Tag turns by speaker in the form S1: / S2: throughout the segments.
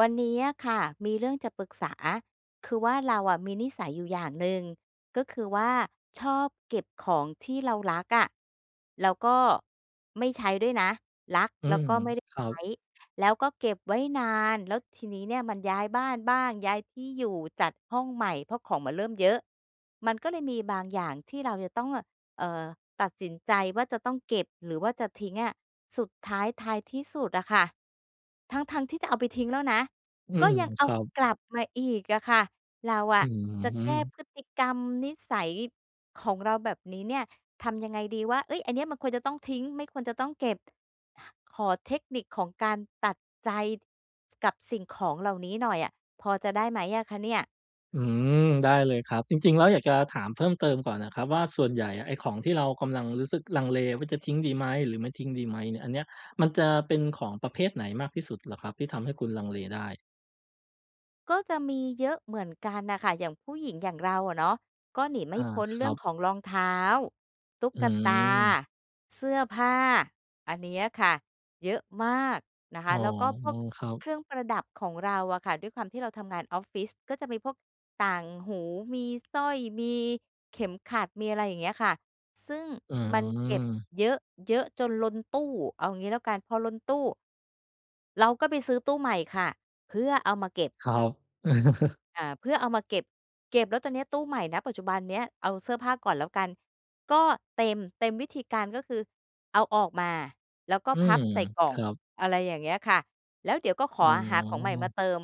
S1: วันนี้อะค่ะมีเรื่องจะปรึกษา คือว่า เราอะมีนิสัยอยู่อย่างหนึ่งก็คือว่า ชอบเก็บของที่เรารักอะแล้วก็ไม่ใช้ด้วยนะ รัก
S2: อื
S1: แล้ว
S2: ม
S1: ก็ไม่ได้
S2: ครั
S1: ใช
S2: บ
S1: ้ แล้วก็เก็บไว้นาน แล้วทีนี้เนี่ยมันย้ายบ้านบ้าง ย้ายที่อยู่ จัดห้องใหม่ เพราะของมันเริ่มเยอะ มันก็เลยมีบางอย่างที่เราจะต้องเง่อะ เออ ตัดสินใจว่า จะต้องเก็บหรือว่าจะทิ้งอะ สุดท้าย ท้ายที่สุดอะค่ะ ทั้ง ๆ ที่จะเอาไปทิ้งแล้วนะ
S2: อื
S1: ก็
S2: ม
S1: ยังเอ
S2: ค
S1: า
S2: รับ
S1: กลับมาอีกอะค่ะ เราอ
S2: อ
S1: ะ
S2: ื
S1: จะแก้
S2: ม
S1: พฤติกรรมนิสัยของเราแบบนี้เนี่ย ทำยังไงดีว่า "เฮ้ย! อันนี้ มันควรจะต้องทิ้ง ไม่ควรจะต้องเก็บ" ขอเทคนิคของการตัดใจ ส กับสิ่งของเหล่านี้หน่อยอะพอจะได้ไหมอะคะเนี่ย?
S2: อืม ได้เลยครับ จริง ๆ แล้ว อยากจะถามเพิ่มเติมก่อนนะครับว่า ส่วนใหญ่อะไอ้ของที่เรากำลังรู้สึกลังเลว่า จะทิ้งดีไหม? หรือไม่ทิ้งดีไหม? นี่ อันเนี้ย มันจะเป็นของประเภทไหนมากที่สุดเหรอครับ? ที่ทำให้คุณลังเลได้
S1: ก็จะมีเยอะเหมือนกันน่ะค่ะ อย่างผู้หญิงอย่างเราอะเนาะ ก็หนีไม
S2: อ
S1: ่
S2: า
S1: พ้น
S2: ค
S1: เร
S2: ร
S1: ื
S2: ั
S1: ่อง
S2: บ
S1: ของรองเท้า ตุ๊
S2: อ
S1: กตา
S2: ืม
S1: เสื้อผ้า อันเนี้ยค่ะเยอะมากนะค
S2: อ๋
S1: ะ
S2: อ
S1: แล้วก็พวก
S2: ครั
S1: เ
S2: บ
S1: ครื่องประดับของเราอะค่ะ ด้วยความที่เราทำงานออฟฟิศก็จะมีพวกต่างหู มีสร้อย มีเข็มขัด มีอะไรอย่างเงี้ยค่ะ ซึ่ง
S2: อ
S1: มันเก็บ
S2: ืม
S1: เยอะ เยอะจนล้นตู้ เอางี้แล้วกัน พอล้นตู้ เราก็ไปซื้อตู้ใหม่ค่ะ เพื่อเอามาเก็บ
S2: ครับ
S1: อ่า เพื่อเอามาเก็บ เก็บแล้วตอนเนี้ย ตู้ใหม่ ณ ปัจจุบันเนี้ย เอาเสื้อผ้าก่อนแล้วกัน ก็เต็ม เต็ม วิธีการก็คือเอาออกมาแล้วก็
S2: อื
S1: พั
S2: ม
S1: บใส่กล่อ
S2: ค
S1: ง
S2: รับ
S1: อะไรอย่างเงี้ยค่ะ แล้วเดี๋ยวก็ข
S2: อ
S1: อ
S2: ๋อ
S1: อา หาของใหม่มาเติม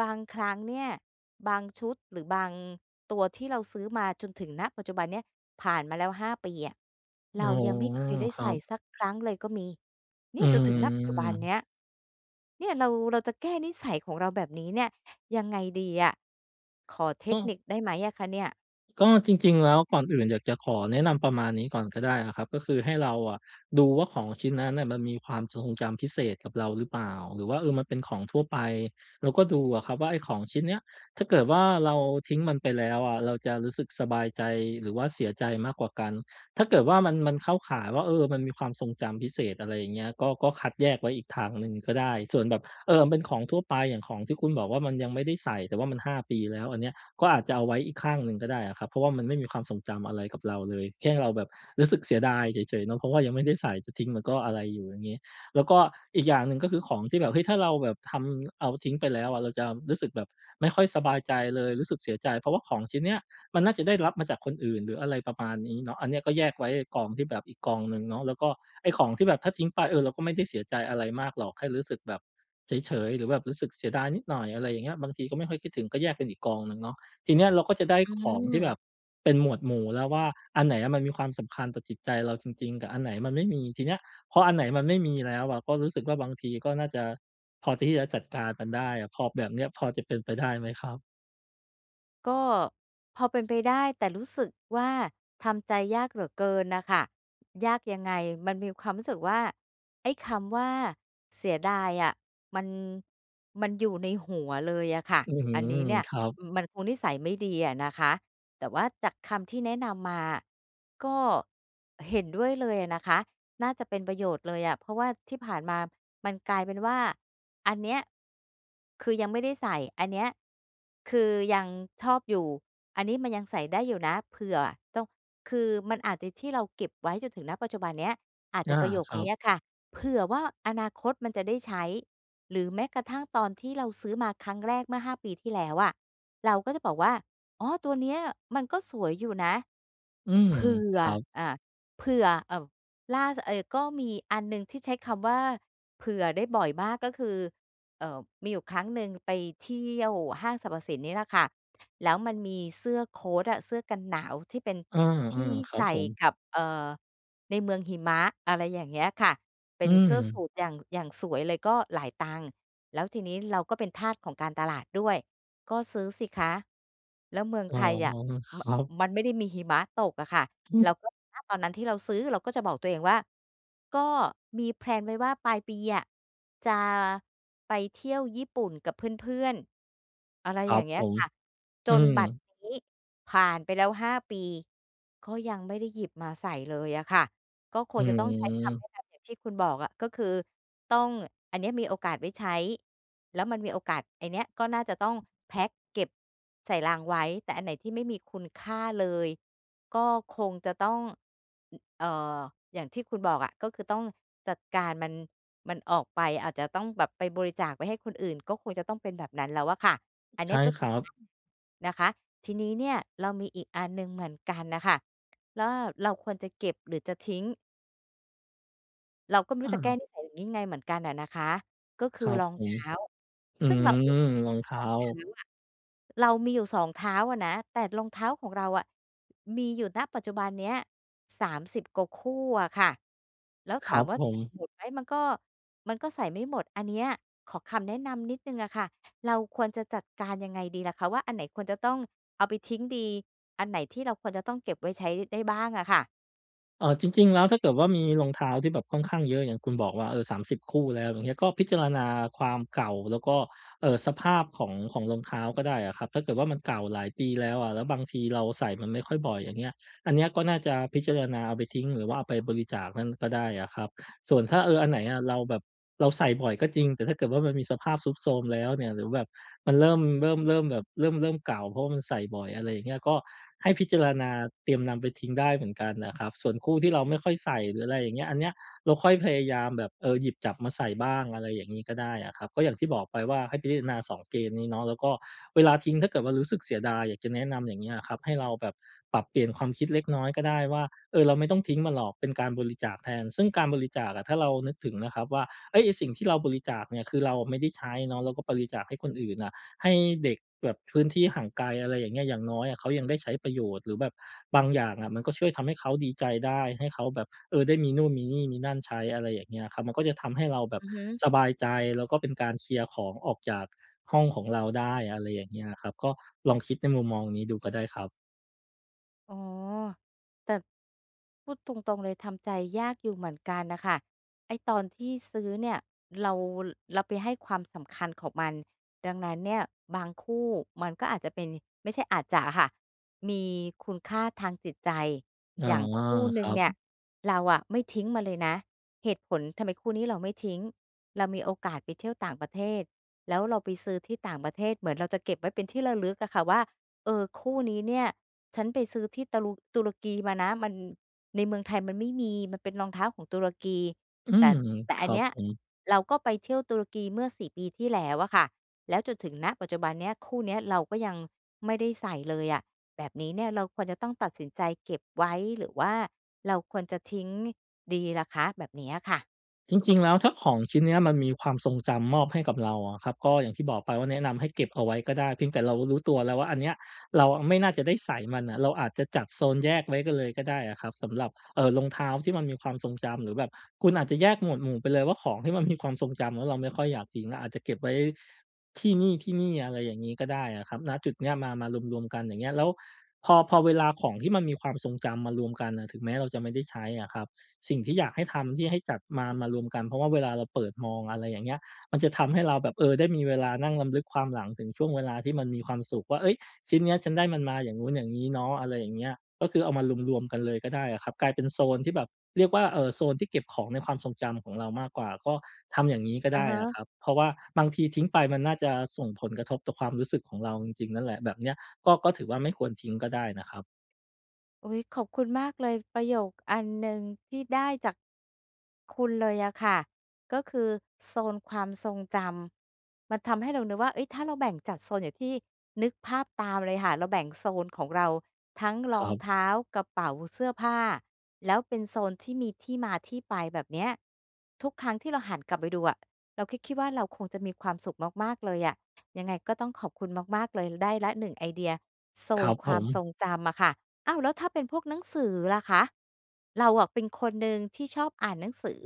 S1: บางครั้งเนี่ย บางชุดหรือบางตัวที่เราซื้อมาจนถึง ณ ปัจจุบันเนี้ย ผ่านมาแล้ว 5 ปีอะ เ
S2: อ
S1: ร
S2: ๋
S1: า
S2: อ
S1: ยังไม่เคยได้
S2: ค
S1: ใ
S2: รั
S1: ส่
S2: บ
S1: สักครั้งเลยก็มี เน
S2: อ
S1: ี
S2: ื
S1: ่ยจนถึง ณ ปัจจุบันเน
S2: ม
S1: ี้ย เนี่ยเรา เราจะแก้นิสัยของเราแบบนี้เนี่ยยังไงดีอะ ขอเท
S2: อ
S1: ค
S2: ือ
S1: นิคได้ไหมอะคะเนี่ย?
S2: ก็จริง ๆ แล้ว ก่อนอื่นอยากจะขอแนะนำประมาณนี้ก่อนก็ได้อะครับ ก็คือให้เราอะดูว่า ของชิ้นนั้นน่ะมันมีความทรงจำพิเศษกับเราหรือเปล่า? หรือว่า เออ มันเป็นของทั่วไป แล้วก็ดูอะครับว่า ไอ้ของชิ้นเนี้ย ถ้าเกิดว่า เราทิ้งมันไปแล้วอะเราจะรู้สึกสบายใจหรือว่าเสียใจมากกว่ากัน ถ้าเกิดว่า มัน มันเข้าข่ายว่า เออ มันมีความทรงจำพิเศษ อะไรอย่างเงี้ย ก็ ก็คัดแยกไว้อีกทางหนึ่งก็ได้ ส่วนแบบ เออ เป็นของทั่วไป อย่างของที่คุณบอกว่า มันยังไม่ได้ใส่ แต่ว่ามัน 5 ปีแล้ว อันเนี้ยก็อาจจะเอาไว้อีกข้างหนึ่งก็ได้อะครับ เพราะว่ามันไม่มีความทรงจำอะไรกับเราเลย แค่เราแบบรู้สึกเสียดายเฉย ๆ เนาะ เพราะว่ายังไม่ได้ใส่ จะทิ้งมันก็อะไรอยู่ อย่างงี้ แล้วก็อีกอย่างหนึ่งก็คือของที่แบบ เฮ้ย! ถ้าเราแบบทำ เอาทิ้งไปแล้วอะ เราจะรู้สึกแบบไม่ค่อยสบายใจเลย รู้สึกเสียใจ เพราะว่าของชิ้นนี้มันน่าจะได้รับมาจากคนอื่นหรืออะไรประมาณนี้เนาะ อันนี้ก็แยกไว้ก่อนที่แบบอีกกองหนึ่งเนาะ แล้วก็ไอ้ของที่แบบถ้าทิ้งไป เออ เราก็ไม่ได้เสียใจอะไรมากหรอก ให้รู้สึกแบบเฉย ๆ หรือแบบรู้สึกเสียดายนิดหน่อย อะไรอย่างเงี้ย บางทีก็ไม่ค่อยคิดถึง ก็แยกเป็นอีกกองหนึ่งเนาะ ทีนี้เราก็จะได้
S1: อื
S2: ของที่แบ
S1: ม
S2: บเป็นหมวดหมู่แล้วว่า อันไหนอะมันมีความสำคัญต่อจิตใจเราจริง ๆ กับอันไหนมันไม่มี ทีเนี้ยพออันไหนมันไม่มีแล้วอะ ก็รู้สึกว่า บางทีก็น่าจะพอที่จะจัดการมันได้อะ พอ แบบเนี้ย พอจะเป็นไปได้ไหมครับ?
S1: ก็พอเป็นไปได้ แต่รู้สึกว่าทำใจยากเหลือเกินน่ะค่ะ ยากยังไง? มันมีความรู้สึกว่า ไอ้คำว่าเสียดายอะ มัน มันอยู่ในหัวเลยอะค่ะ
S2: อื้อฮื
S1: อั
S2: อ
S1: นนี้เนี่ย
S2: ครับ
S1: อือ มันคงนิสัยไม่ดีอะนะคะ แต่ว่าจากคำที่แนะนำมาอะ ก็เห็นด้วยเลยอะนะคะ น่าจะเป็นประโยชน์เลยอะ เพราะว่าที่ผ่านมามันกลายเป็นว่า อันเนี้ยคือยังไม่ได้ใส่ อันเนี้ยคือยังชอบอยู่ อันนี้มันยังใส่ได้อยู่นะ เผื่อต้อง คือมันอาจจะที่เราเก็บไว้จนถึง ณ ปัจจุบันเนี้ย อาจ
S2: อ
S1: จะ
S2: า
S1: ประโยค
S2: ครั
S1: นี
S2: บ
S1: ้อะค่ะ "เผื่อว่า อนาคตมันจะได้ใช้" หรือแม้กระทั่งตอนที่เราซื้อมาครั้งแรกเมื่อ 5 ปีที่แล้วอะ เราก็จะบอกว่า "อ๋อ ตัวเนี้ยมันก็สวยอยู่นะ"
S2: อืม
S1: เผื่
S2: ค
S1: อ
S2: รับ
S1: อา เผื่อ อ่า ล่า ส เออ ก็มีอันหนึ่งที่ใช้คำว่า "เผื่อ" ได้บ่อยมากก็คือ เออ มีอยู่ครั้งหนึ่งไปเที่ยวห้างสรรพสินนี่ล่ะค่ะ แล้วมันมีเสื้อโคตอะ เสื้อกันหนาวที่เป็น
S2: อื
S1: ที่
S2: อ ๆ ครั
S1: ใส
S2: บ
S1: ่
S2: ผม
S1: กับ เออ ในเมืองหิมะ อะไรอย่างเงี้ยค่ะ เป็
S2: อื
S1: นเสื้อส
S2: ม
S1: ูทอย่าง อย่างสวยเลย ก็หลายตังค์ แล้วทีนี้เราก็เป็นทาสของการตลาดด้วย ก็ซื้อสิคะ แล้วเมือง
S2: อ๋อ
S1: ไทยอะ ม
S2: ครับ
S1: มันไม่ได้มีหิมะตกอะค่ะ เราก็ ณ ตอนนั้นที่เราซื้อเราก็จะบอกตัวเองว่า "ก็มีแพลนไว้ว่าปลายปีอะ จะไปเที่ยวญี่ปุ่นกับเพื่อน ๆ" อะไร
S2: ครั
S1: อย่
S2: บ
S1: างเงี้
S2: ผ
S1: ย
S2: ม
S1: ค่ะ จ
S2: อื
S1: นบัด
S2: ม
S1: นี้ผ่านไปแล้ว 5 ปี ก็ยังไม่ได้หยิบมาใส่เลยอะค่ะ ก็ค
S2: อื
S1: งจะต้องใช้คำแน
S2: ม
S1: ะนำอย่างที่คุณบอกอะ ก็คือต้อง อันนี้มีโอกาสไว้ใช้ แล้วมันมีโอกาส ไอเนี้ยก็น่าจะต้องแพ็กเก็บใส่ลังไว้ แต่อันไหนที่ไม่มีคุณค่าเลยก็คงจะต้อง อือ เออ อย่างที่คุณบอกอะ ก็คือต้องจัดการมัน มันออกไป อาจจะต้องแบบไปบริจาคไปให้คนอื่น ก็คงจะต้องเป็นแบบนั้นแล้วอะค่ะ อัน
S2: ใ
S1: น
S2: ช
S1: ี้
S2: ่
S1: ก็
S2: ค
S1: คื
S2: ร
S1: อ
S2: ับ
S1: [unintelligible] นะคะ ทีนี้เนี่ยเรามีอีกอันหนึ่งเหมือนกันน่ะค่ะ ล่า เราควรจะเก็บหรือจะทิ้ง? เราก็ไม่
S2: อ
S1: รู
S2: ื
S1: ้จะแก้
S2: ม
S1: นิสัยอย่างงี้ไงเหมือนกันน่ะนะคะ ก็ค
S2: ค
S1: ือ
S2: รับ
S1: รอง
S2: ผ
S1: เท
S2: ม
S1: ้า
S2: อื
S1: ซึ่งเร
S2: ม
S1: าเองก็
S2: รองเท
S1: ส
S2: ้
S1: อ
S2: า
S1: งเท้าอะ เรามีอยู่สองเท้าอะนะ แต่รองเท้าของเราอะ มีอยู่ ณ ปัจจุบันเนี้ย 30 กว่าคู่อะค่ะ แล้ว
S2: ค
S1: ถ
S2: ร
S1: า
S2: ั
S1: ม
S2: บ
S1: ว่า
S2: ผ
S1: ใส่
S2: ม
S1: หมดไหม มันก็ มันก็ใส่ไม่หมด อันเนี้ยขอคำแนะนำนิดหนึ่งอะค่ะ เราควรจะจัดการยังไงดีล่ะคะว่า อันไหนควรจะต้องเอาไปทิ้งดี อันไหนที่เราควรจะต้องเก็บไว้ใช้ได้บ้างอะค่ะ?
S2: เออ จริง ๆ แล้วถ้าเกิดว่ามีรองเท้าที่แบบค่อนข้างเยอะ อย่างคุณบอกว่า เออ 30 คู่แล้ว อย่างเงี้ย ก็พิจารณาความเก่า แล้วก็ เออ สภาพของ ของรองเท้าก็ได้อะครับ ถ้าเกิดว่ามันเก่าหลายปีแล้วอะ แล้วบางทีเราใส่มันไม่ค่อยบ่อยอย่างเงี้ย อันเนี้ยก็น่าจะพิจารณาเอาไปทิ้ง หรือว่าเอาไปบริจาคนั่นก็ได้อะครับ ส่วนถ้า เออ อันไหนอะเราแบบเราใส่บ่อยก็จริง แต่ถ้าเกิดว่ามันมีสภาพทรุดโทรมแล้วเนี่ย หรือแบบมันเริ่ม เริ่ม เริ่มแบบเริ่ม เริ่มเก่า เพราะว่ามันใส่บ่อย อะไรอย่างเงี้ย ก็ให้พิจารณาเตรียมนำไปทิ้งได้เหมือนกันน่ะครับ ส่วนคู่ที่เราไม่ค่อยใส่หรือ อะไรอย่างเงี้ย อันเนี้ยเราค่อยพยายามแบบ เออ หยิบจับมาใส่บ้าง อะไรอย่างนี้ก็ได้อะครับ ก็อย่างที่บอกไปว่า ให้พิจารณา 2 เกณฑ์นี้เนาะ แล้วก็เวลาทิ้งถ้าเกิดว่ารู้สึกเสียดาย อยากจะแนะนำอย่างเงี้ยอะครับ ให้เราแบบปรับเปลี่ยนความคิดเล็กน้อยก็ได้ว่า เออ เราไม่ต้องทิ้งมันหรอกเป็นการบริจาคแทน ซึ่งการบริจาคอะ ถ้าเรานึกถึงนะครับว่า เฮ้ย ไอ้สิ่งที่เราบริจาคเนี่ย คือเราไม่ได้ใช้เนาะ เราก็บริจาคให้คนอื่นน่ะ ให้เด็กแบบพื้นที่ห่างไกล อะไรอย่างเงี้ย อย่างน้อยอะเขายังได้ใช้ประโยชน์ หรือแบบบางอย่างอะมันก็ช่วยทำให้เขาดีใจได้ ให้เขาแบบ เออ ได้มีนู่นมีนี่มีนั่นใช้ อะไรอย่างเงี้ยครับ มันก็จะทำให้เราแบบ
S1: อือฮึ
S2: สบายใจ แล้วก็เป็นการเคลียร์ของออกจากห้องของเราได้ อะไรอย่างเงี้ยอะครับ ก็ลองคิดในมุมมองนี้ดูก็ได้ครับ
S1: อ๋อ แต่พูดตรง ๆ เลย ทำใจยากอยู่เหมือนกันน่ะค่ะ ไอ้ตอนที่ซื้อเนี่ย เรา เราไปให้ความสำคัญของมัน ดังนั้นเนี่ยบางคู่มันก็อาจจะเป็น ไม่ใช่อาจจะอะค่ะ มีคุณค่าทางจิตใจ
S2: อ๋อ
S1: อย่างคู่ห
S2: ค
S1: นึ
S2: ร
S1: ่ง
S2: ั
S1: เนี่ย
S2: บ
S1: เราอะไม่ทิ้งมันเลยนะ เหตุผล ทำไมคู่นี้เราไม่ทิ้ง เรามีโอกาสไปเที่ยวต่างประเทศแล้วเราไปซื้อที่ต่างประเทศ เหมือนเราจะเก็บไว้เป็นที่ระลึกอะค่ะว่า "เออ คู่นี้เนี่ยฉันไปซื้อที่ตะรุ ตุรกีมานะ มัน ในเมืองไทยมันไม่มี มันเป็นรองเท้าของตุรกี"
S2: อื
S1: แต
S2: ม
S1: ่ แต่
S2: ค
S1: อั
S2: ร
S1: น
S2: ั
S1: เน
S2: บ
S1: ี้ย
S2: ผม
S1: เราก็ไปเที่ยวตุรกีเมื่อ 4 ปีที่แล้วอะค่ะ แล้วจนถึง ณ ปัจจุบันเนี้ย คู่เนี้ยเราก็ยังไม่ได้ใส่เลยอะ แบบนี้เนี่ยเราควรจะต้องตัดสินใจเก็บไว้ หรือว่าเราควรจะทิ้งดีล่ะคะ? แบบนี้อะค่ะ
S2: จริง ๆ แล้วถ้าของชิ้นเนี้ยมันมีความทรงจำมอบให้กับเราอะครับ ก็อย่างที่บอกไปว่า แนะนำให้เก็บเอาไว้ก็ได้ เพียงแต่เรารู้ตัวแล้วว่า อันเนี้ยเราอะไม่น่าจะได้ใส่มันอะ เราอาจจะจัดโซนแยกไว้กันเลยก็ได้อะครับสำหรับ เออ รองเท้าที่มันมีความทรงจำ หรือแบบคุณอาจจะแยกหมวดหมู่ไปเลยว่า ของที่มันมีความทรงจำแล้วเราไม่ค่อยอยากทิ้ง เราอาจจะเก็บไว้ที่นี่ ๆ อะไรอย่างงี้ก็ได้อะครับ ณ จุดเนี้ย มา มารวม ๆ กันอย่างเงี้ย แล้วพอ พอเวลาของที่มันมีความทรงจำมารวมกันน่ะ ถึงแม้ เราจะไม่ได้ใช้อะครับ สิ่งที่อยากให้ทำ ที่ให้จัดมา มารวมกัน เพราะว่าเวลาเราเปิดมอง อะไรอย่างเงี้ย มันจะทำให้เราแบบ เออ ได้มีเวลานั่งรำลึกความหลังถึงช่วงเวลาที่มันมีความสุขว่า "เฮ้ย ชิ้นเนี้ย ฉันได้มันมาอย่างงู้นอย่างงี้เนาะ" อะไรอย่างเงี้ย ก็คือเอามารวม ๆ กันเลยก็ได้อะครับ กลายเป็นโซนที่แบบเรียกว่า เออ โซนที่เก็บของในความทรงจำของเรามากกว่า ก็ทำอย่างงี้ก็
S1: อ
S2: ได
S1: ะ
S2: ้
S1: ฮ
S2: อะค
S1: ะ
S2: รับ เพราะว่าบางทีทิ้งไปมันน่าจะส่งผลกระทบต่อความรู้สึกของเราจริง ๆ นั่นแหละ แบบเนี้ยก็ ก็ถือว่าไม่ควรทิ้งก็ได้นะครับ
S1: อุ๊ย ขอบคุณมากเลย ประโยคอันหนึ่งที่ได้จาก คุณเลยอะค่ะ ก็คือ "โซนความทรงจำ" มันทำให้เรานึกว่า เฮ้ย ถ้าเราแบ่งจัดโซนอย่างที่ นึกภาพตามเลยค่ะ เราแบ่งโซนของเราทั้ง
S2: ค
S1: ร
S2: ร
S1: อง
S2: ับ
S1: เท้า กระเป๋า เสื้อผ้า แล้วเป็นโซนที่มีที่มาที่ไปแบบเนี้ย ทุกครั้งที่เราหันกลับไปดูอะ เราก็คิดว่าเราคงจะมีความสุขมาก ๆ เลยอะ ยังไงก็ต้องขอบคุณมาก ๆ เลย ได้แล้ว 1 ไอเดีย "โซ
S2: ครั
S1: น
S2: บ
S1: ค
S2: ผ
S1: วาม
S2: ม
S1: ทรงจำ" อะค่ะ อ้าว แล้วถ้าเป็นพวกหนังสือล่ะคะ เราอะเป็นคนหนึ่งที่ชอบอ่านหนังสือ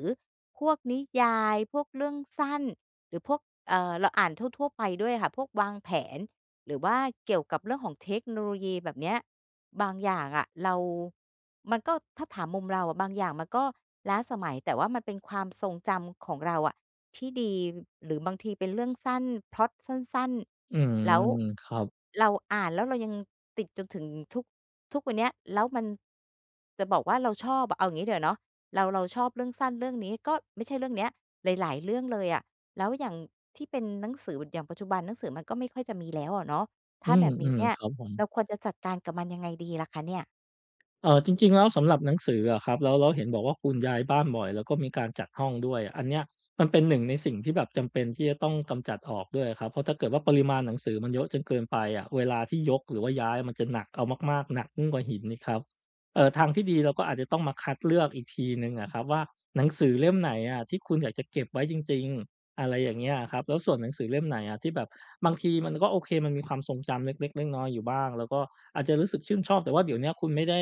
S1: พวกนิยาย พวกเรื่องสั้น หรือพวก เออ เราอ่านทั่ว ๆ ไปด้วยค่ะ พวกวางแผนหรือว่าเกี่ยวกับเรื่องของเทคโนโลยีแบบเนี้ย บางอย่างอะเรา มันก็ ถ้าถามมุมเราอะ บางอย่างมันก็ล้าสมัย แต่ว่ามันเป็นความทรงจำของเราอะที่ดี หรือบางทีเป็นเรื่องสั้น พล็อตสั้น
S2: อืม
S1: ๆ แล้ว
S2: ครับ
S1: เราอ่านแล้วเรายังติดจนถึงทุก ทุกวันเนี้ย แล้วมัน จะบอกว่าเราชอบอะ เอาอย่างงี้ดีกว่าเนาะ เรา เราชอบเรื่องสั้นเรื่องนี้ ก็ไม่ใช่เรื่องเนี้ย หลาย ๆ เรื่องเลยอะ แล้วอย่างที่เป็นหนังสือ อย่างปัจจุบัน หนังสือมันก็ไม่ค่อยจะมีแล้วอะเนาะ ถ
S2: อื
S1: ้าแบบนี้
S2: ม
S1: เนี่
S2: ๆ
S1: ย
S2: ครับผม
S1: เราควรจะจัดการกับมันยังไงดีล่ะคะเนี่ย?
S2: เออ จริง ๆ แล้วสำหรับหนังสืออะครับ แล้ว แล้วเห็นบอกว่าคุณย้ายบ้านบ่อย แล้วก็มีการจัดห้องด้วย อันเนี้ยมันเป็นหนึ่งในสิ่งที่แบบจำเป็น ที่จะต้องกำจัดออกด้วยอะครับ เพราะถ้าเกิดว่าปริมาณหนังสือมันเยอะจนเกินไปอะ เวลาที่ยก หรือว่าย้ายมันจะหนักเอามาก ๆ หนักยิ่งกว่าหินอีกครับ เออ ทางที่ดีเราก็อาจจะต้องมาคัดเลือกอีกทีหนึ่งอะครับว่า หนังสือเล่มไหนอะที่คุณอยากจะเก็บไว้จริง ๆ อะไรอย่างเงี้ยอะครับ แล้วส่วนหนังสือเล่มไหนอะที่แบบ บางทีมันก็โอเค มันมีความทรงจำเล็ก ๆ น้อย ๆ อยู่บ้าง แล้วก็อาจจะรู้สึกชื่นชอบ แต่ว่าเดี๋ยวเนี้ยคุณไม่ได้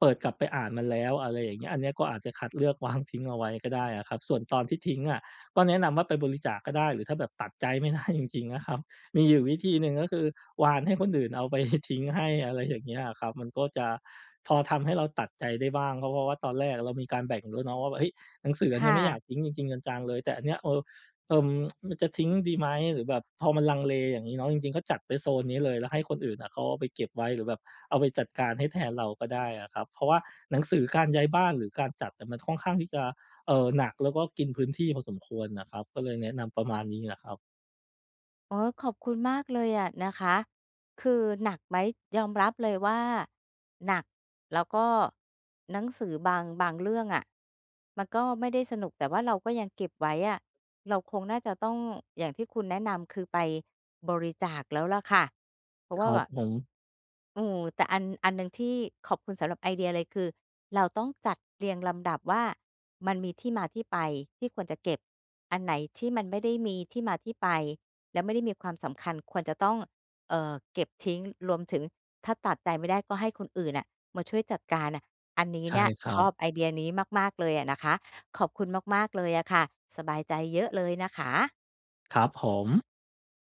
S2: เปิดกลับไปอ่านมันแล้ว อะไรอย่างเงี้ย อันเนี้ยก็อาจจะคัดเลือก วาง ทิ้งเอาไว้ก็ได้อะครับ ส่วนตอนที่ทิ้งอะ ก็แนะนำว่าไปบริจาคก็ได้ หรือถ้าแบบตัดใจ ไม่ได้จริง ๆ นะครับ มีอยู่วิธีหนึ่งก็คือ วานให้คนอื่นเอา ไปทิ้งให้ อะไรอย่างเงี้ยอะครับ มันก็จะพอทำให้เราตัดใจได้บ้าง ก็เพราะว่าตอนแรกเรามีการแบ่งด้วยเนาะว่าแบบ เฮ้ย หนังสืออัน
S1: ค
S2: เนี้
S1: ่
S2: ยไม่อย
S1: ะ
S2: ากทิ้งจริง ๆ จัง ๆ เลย แต่อันเนี้ย เออ เออ มันจะทิ้งดีไหม? หรือแบบพอมันลังเลอย่างงี้เนาะ จริง ๆ ก็จัดไปโซนนี้เลย แล้วให้คนอื่นน่ะเขาเอาไปเก็บไว้ หรือแบบเอาไปจัดการให้แทนเราก็ได้อะครับ เพราะว่าหนังสือ การย้ายบ้านหรือการจัดอะมันค่อนข้างที่จะ เออ หนักแล้วก็กินพื้นที่พอสมควรนะครับ ก็เลยแนะนำประมาณนี้นะครับ
S1: อ๋อ ขอบคุณมากเลยอะนะคะ คือหนักไหม ยอมรับเลยว่าหนัก แล้วก็หนังสือบาง บางเรื่องอะมันก็ไม่ได้สนุก แต่ว่าเราก็ยังเก็บไว้อะ เราคงน่าจะต้อง อย่างที่คุณแนะนำ คือไปบริจาคแล้วล่ะค่ะ เพราะ
S2: ค
S1: ว่
S2: ร
S1: า
S2: ั
S1: แ
S2: บ
S1: บบ
S2: ผม
S1: โอ้โฮ แต่อัน อันหนึ่งที่ขอบคุณสำหรับไอเดียเลย คือเราต้องจัดเรียงลำดับว่า มันมีที่มาที่ไปที่ควรจะเก็บ อันไหนที่มันไม่ได้มีที่มาที่ไป แล้วไม่ได้มีความสำคัญ ควรจะต้อง เออ เก็บทิ้ง รวมถึงถ้าตัดใจไม่ได้ ก็ให้คนอื่นน่ะมาช่วยจัดการน่ะ อันนี้
S2: ใช่
S1: เนี่ย
S2: คร
S1: ช
S2: ั
S1: อ
S2: บ
S1: บไอเดียนี้มาก ๆ เลยอะนะคะ ขอบคุณมาก ๆ เลยอะค่ะ สบายใจเยอะเลยนะคะ
S2: ครับผม